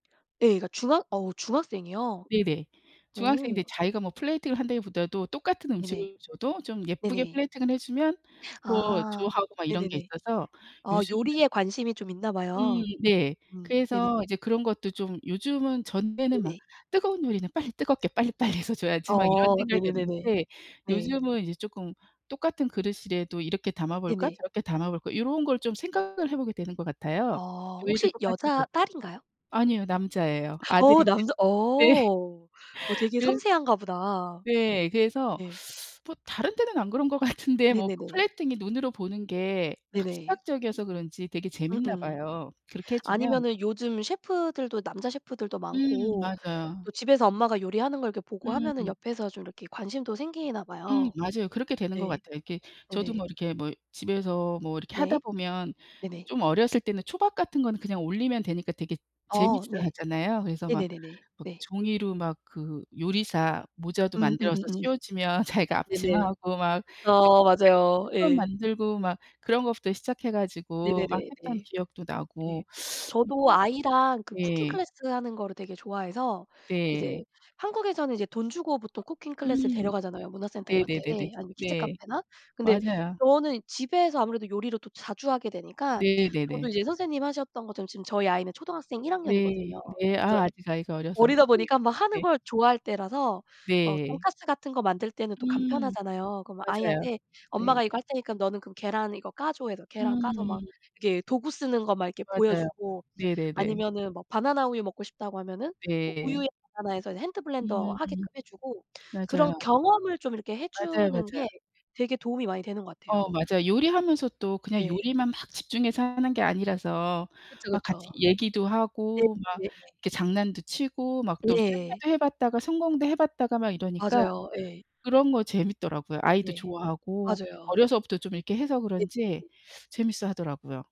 예 그러니까 중학 어 중학생이요? 네네. 어. 중학생들이 자기가 뭐 plating을 한다기 보다도 똑같은 네네. 음식을 줘도 좀 예쁘게 네네. plating을 해주면 더 아 좋아하고 막 이런 게 네네네. 있어서 아 요즘은 요리에 관심이 좀 있나 음 봐요. 네. 음 네네. 그래서 이제 그런 것도 좀 요즘은 전에는 막 네네. '뜨거운 요리는 빨리 뜨겁게 빨리빨리 해서 줘야지.' 막 이런 어 네네네네. 생각이었는데 네. 요즘은 이제 쪼끔 똑같은 그릇이래도 '이렇게 담아볼까? 네네. 저렇게 담아볼까?' 요런 걸 좀 생각을 해보게 되는 것 같아요. 어 요리를 혹시 똑같이 여자 해도 딸인가요? 아니요 남자예요 어 아들인데 남자 네. 어 어 되게 그 섬세한가 보다. 네. 그래서 네. 뭐 다른 데는 안 그런 것 같은데 뭐 네네네. plating이 눈으로 보는 게 확 네네. 시각적이어서 그런지 되게 재밌나 음음. 봐요 그렇게 해주면 아니면은 요즘 셰프들도 남자 셰프들도 음 많고 맞아요. 또 집에서 엄마가 요리하는 걸 이렇게 보고 하면은 음. 옆에서 좀 이렇게 관심도 생기나 음 봐요. 맞아요. 그렇게 되는 것 네. 같아요. 이렇게 저도 네네. 뭐 이렇게 뭐 집에서 뭐 이렇게 네. 하다 보면 네네. 좀 어렸을 때는 초밥 같은 거는 그냥 올리면 되니까 되게 어 네. 재밌어하잖아요. 그래서 막 네네네네. 막 네. 종이로 막 그 요리사 모자도 만들어서 음음음음. 씌워주면 자기가 앞치마 네네. 하고 막 어 [unintelligible] 맞아요. 초밥 예. 만들고 막 그런 것부터 시작해 가지고 막 네네네 했던 네. 기억도 네. 나고 음 뭐 저도 아이랑 그 쿠킹 네. 클래스 하는 거를 되게 좋아해서 네. 이제 한국에서는 이제 돈 주고 보통 쿠킹 클래스를 음 데려가잖아요 문화센터 이런 데 네네네네 아니면 키즈 네. 카페나. 근데 맞아요. 저는 집에서 아무래도 요리를 또 자주 하게 되니까 저도 네네네. 이제 선생님이 하셨던 것처럼 지금 저희 아이는 초등학생 1 네. 학년이거든요. 네. 그래서 아 아직 아이가 어려서. 어리다 예 보니까 막 하는 네. 걸 좋아할 때라서 막 네. 돈가스 같은 거 만들 때는 또 음. 간편하잖아요. 그러면 맞아요. 아이한테 네. "엄마가 이거 할 테니까 너는 그럼 계란 이거 까줘." 해서 계란 까서 막 음. 이렇게 도구 쓰는 거 막 이렇게 맞아요. 보여주고 네네네. 아니면은 뭐 바나나 우유 먹고 싶다고 하면은 뭐 우유에 네. 바나나 해서 이제 핸드 블렌더 음. 하게끔 해주고. 그런 맞아요. 경험을 좀 이렇게 맞아요, 해주는 맞아요. 게 되게 도움이 많이 되는 것 어 같아요. 맞아요. 요리하면서 또 그냥 네. 요리만 막 집중해서 하는 게 아니라서 그쵸. 막 같이 그쵸. 얘기도 네 하고 막 네네. 이렇게 장난도 치고 막 또 네. 실패도 해봤다가 성공도 해봤다가 막 이러니까 맞아요. 예. 그런 거 재밌더라고요. 아이도 네. 좋아하고 맞아요. 어려서부터 좀 이렇게 해서 그런지 네네. 재밌어하더라고요.